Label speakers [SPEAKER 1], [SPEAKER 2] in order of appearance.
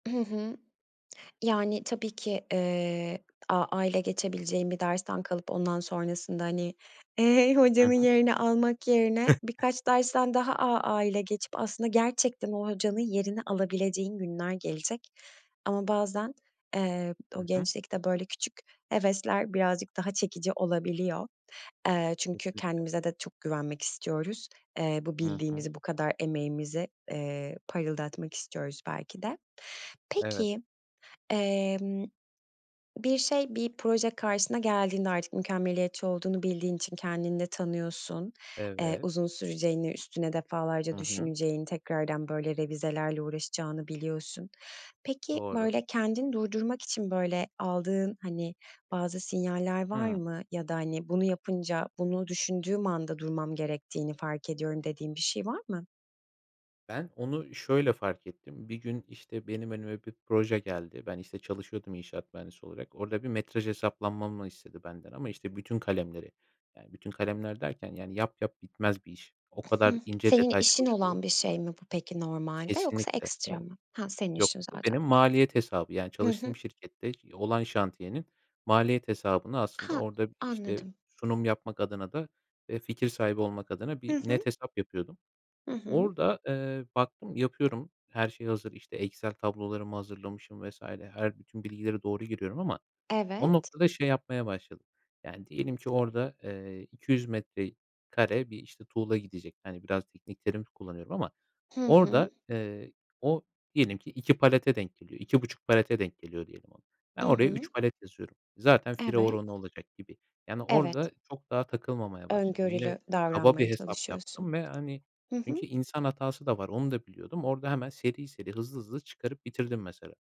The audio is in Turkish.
[SPEAKER 1] Hı hı. Yani, tabii ki, eee, AA ile geçebileceğin bir dersten kalıp ondan sonrasında, hani, eee,
[SPEAKER 2] Hı
[SPEAKER 1] hocanın
[SPEAKER 2] hı.
[SPEAKER 1] yerini almak yerine birkaç dersten daha AA ile geçip aslında gerçekten o hocanın yerini alabileceğin günler gelecek. Ama bazen, eee, o
[SPEAKER 2] Hı hı.
[SPEAKER 1] gençlikte böyle küçük hevesler birazcık daha çekici olabiliyor. Eee, çünkü
[SPEAKER 2] Kesinlikle.
[SPEAKER 1] kendimize de çok güvenmek istiyoruz. Eee, bu
[SPEAKER 2] Hı hı.
[SPEAKER 1] bildiğimizi, bu kadar emeğimizi, eee, parıldatmak istiyoruz belki de.
[SPEAKER 2] Evet.
[SPEAKER 1] Peki, emm, bir şey, bir proje karşına geldiğinde, artık mükemmeliyetçi olduğunu bildiğin için kendini de tanıyorsun, eee,
[SPEAKER 2] Evet.
[SPEAKER 1] uzun süreceğini, üstüne
[SPEAKER 2] Hı
[SPEAKER 1] defalarca
[SPEAKER 2] hı.
[SPEAKER 1] düşüneceğin, tekrardan, böyle, revizelerle uğraşacağını biliyorsun. Peki,
[SPEAKER 2] Doğru.
[SPEAKER 1] böyle, kendini durdurmak için, böyle, aldığın, hani, bazı sinyaller var
[SPEAKER 2] Hıı.
[SPEAKER 1] mı ya da, hani, "Bunu yapınca, bunu düşündüğüm anda durmam gerektiğini fark ediyorum." dediğin bir şey var mı?
[SPEAKER 2] Ben onu şöyle fark ettim: Bir gün, işte, benim önüme bir proje geldi. Ben, işte, çalışıyordum inşaat mühendisi olarak. Orada bir metraj hesaplamamı istedi benden ama, işte, bütün kalemleri. Yani bütün kalemler derken yani yap yap bitmez bir iş. O
[SPEAKER 1] Hı
[SPEAKER 2] kadar
[SPEAKER 1] hı.
[SPEAKER 2] ince
[SPEAKER 1] Senin
[SPEAKER 2] detay
[SPEAKER 1] işin
[SPEAKER 2] çalışılıyor.
[SPEAKER 1] olan bir şey mi bu peki, normalde yoksa
[SPEAKER 2] Kesinlikle.
[SPEAKER 1] ekstra
[SPEAKER 2] [unintelligible]
[SPEAKER 1] mı? Ha, senin
[SPEAKER 2] Yok,
[SPEAKER 1] işin
[SPEAKER 2] o
[SPEAKER 1] zaten.
[SPEAKER 2] benim maliyet hesabı, yani
[SPEAKER 1] Hı hı.
[SPEAKER 2] çalıştığım şirkette, iii, olan şantiyenin maliyet hesabını aslında
[SPEAKER 1] Ha.
[SPEAKER 2] orada, işte,
[SPEAKER 1] Anladım.
[SPEAKER 2] sunum yapmak adına da, eee, fikir sahibi olmak adına
[SPEAKER 1] Hı
[SPEAKER 2] bir net
[SPEAKER 1] hı.
[SPEAKER 2] hesap yapıyordum.
[SPEAKER 1] Hı hı.
[SPEAKER 2] Orada, eee, baktım yapıyorum, her şey hazır, işte, Excel tablolarımı hazırlamışım vs. her, bütün bilgileri doğru giriyorum ama o
[SPEAKER 1] Evet.
[SPEAKER 2] noktada şey yapmaya başladım; yani diyelim ki orada, eee, 200 metrekare bir, işte, tuğla gidecek, hani, biraz teknik terim kullanıyorum ama
[SPEAKER 1] Hı hı.
[SPEAKER 2] orada, eee, o diyelim ki 2 palete denk geliyor, 2,5 palete denk geliyor diyelim onu. Ben
[SPEAKER 1] Hı
[SPEAKER 2] oraya
[SPEAKER 1] hı.
[SPEAKER 2] 3 palet yazıyorum zaten fire oranı
[SPEAKER 1] Evet.
[SPEAKER 2] olacak gibi. Yani, orada
[SPEAKER 1] Evet.
[SPEAKER 2] çok daha takılmamaya başladım. Yine
[SPEAKER 1] Öngörülü
[SPEAKER 2] kaba bir
[SPEAKER 1] davranmaya
[SPEAKER 2] hesap
[SPEAKER 1] çalışıyorsun.
[SPEAKER 2] yaptım ve, hani,
[SPEAKER 1] Hı hı.
[SPEAKER 2] çünkü insan hatası da var, onu da biliyordum. Orada hemen seri seri, hızlı hızlı çıkarıp bitirdim, mesela.